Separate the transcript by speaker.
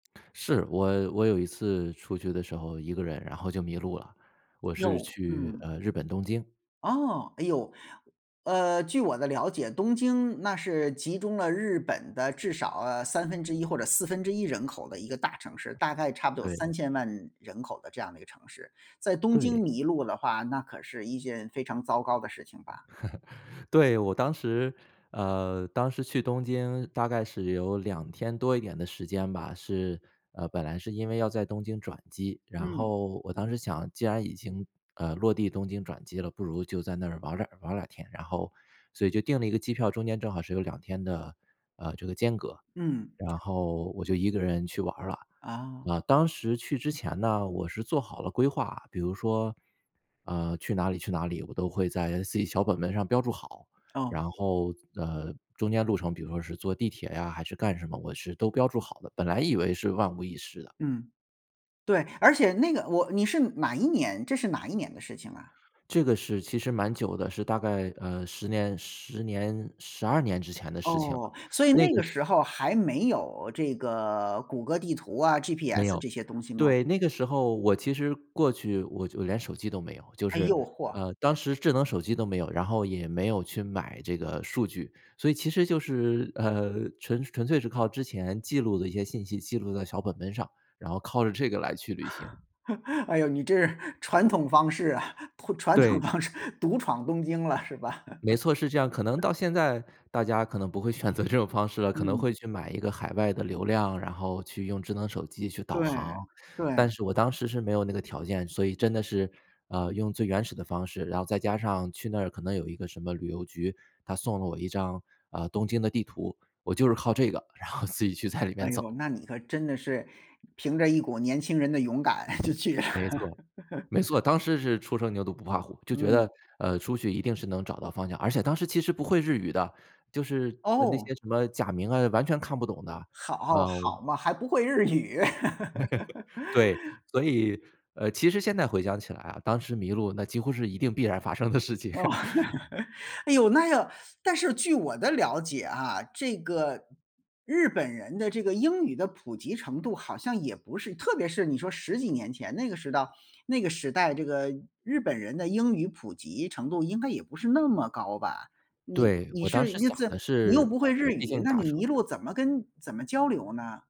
Speaker 1: 是，我我有一次出去的时候，一个人然后就迷路了，我是
Speaker 2: 呦，
Speaker 1: 去，
Speaker 2: 嗯。
Speaker 1: 呃，日本东京。
Speaker 2: 哦，哎呦。呃，据我的了解，东京那是集中了日本的至少呃1/3或者1/4人口的一个大城市，大概差不多有
Speaker 1: 对。
Speaker 2: 30000000人口的这样的一个城市，在东京
Speaker 1: 对。
Speaker 2: 迷路的话，那可是一件非常糟糕的事情吧？
Speaker 1: 对，我当时呃，当时去东京大概是有2天多一点的时间吧，是呃，本来是因为要在东京转机，然
Speaker 2: 嗯。
Speaker 1: 后我当时想，既然已经，呃，落地东京转机了，不如就在那儿玩儿2玩儿2天，然后所以就定了一个机票，中间正好是有2天的，呃，这个间隔，
Speaker 2: 嗯。
Speaker 1: 然后我就一个人去玩儿了。
Speaker 2: 啊。
Speaker 1: 啊，当时去之前呢，我是做好了规划，比如说，呃，去哪里去哪里，我都会在自己小本本上标注好，
Speaker 2: 哦。
Speaker 1: 然后，呃，中间路程比如说是坐地铁呀还是干什么，我是都标注好的，本来以为是万无一失的。
Speaker 2: 嗯。对，而且那个我你是哪一年这是哪一年的事情啊？
Speaker 1: 这个事其实蛮久的，是大概，呃，10年10年12年之前的事情，
Speaker 2: 哦，所以
Speaker 1: 那
Speaker 2: 那
Speaker 1: 个
Speaker 2: 个时候还没有这个谷歌地图啊
Speaker 1: 没
Speaker 2: ，GPS
Speaker 1: 有，
Speaker 2: 这些东西吗？
Speaker 1: 对，那个时候我其实过去我就连手机都没有，就
Speaker 2: 哎
Speaker 1: 是，
Speaker 2: 呦，嚯。
Speaker 1: 呃，当时智能手机都没有，然后也没有去买这个数据。所以其实就是，呃，纯纯粹是靠之前记录的一些信息，记录在小本本上，然后靠着这个来去旅行。
Speaker 2: 哎哟，你这是传统方式啊，传统
Speaker 1: 对。
Speaker 2: 方式，独闯东京了，是吧？
Speaker 1: 没错，是这样，可能 到现在大家可能不会选择这种方式了，可能
Speaker 2: 嗯。
Speaker 1: 会去买一个海外的流量，然后去用智能手机去导
Speaker 2: 对，
Speaker 1: 航，但
Speaker 2: 对。
Speaker 1: 是我当时是没有那个条件，所以真的是，呃，用最原始的方式。然后再加上去那儿可能有一个什么旅游局，它送了我一张，呃，东京的地图，我就是靠这个，然后自己去在里
Speaker 2: 哎
Speaker 1: 面
Speaker 2: 哟，
Speaker 1: 走。
Speaker 2: 那你可真的是凭着一股年轻人的勇敢就去了。
Speaker 1: 没错，没错，当时是初生牛犊不怕虎，就觉得，
Speaker 2: 嗯。
Speaker 1: 呃，出去一定是能找到方向，而且当时其实不会日语的，就是呃那
Speaker 2: 哦。
Speaker 1: 些什么假名啊，完全看不懂的，
Speaker 2: 好，
Speaker 1: 啊。
Speaker 2: 好嘛，还不会日语。
Speaker 1: 对。所以呃，其实现在回想起来啊，当时迷路那几乎是一定必然发生的事情。
Speaker 2: 哦 哎哟，那个但是据我的了解啊，这个日本人的这个英语的普及程度好像也不是特别是你说到10几年前那个时到那个时代，这个日本人的英语普及程度应该也不是那么高吧，你
Speaker 1: 对，
Speaker 2: 你
Speaker 1: 我当
Speaker 2: 是
Speaker 1: 时
Speaker 2: 你
Speaker 1: 想
Speaker 2: 怎
Speaker 1: 的
Speaker 2: 你又
Speaker 1: 是，
Speaker 2: 不会日
Speaker 1: 呃，毕
Speaker 2: 语，
Speaker 1: 竟
Speaker 2: 那
Speaker 1: 大
Speaker 2: 你
Speaker 1: 城
Speaker 2: 迷
Speaker 1: 市。
Speaker 2: 路了怎么跟怎么交流呢？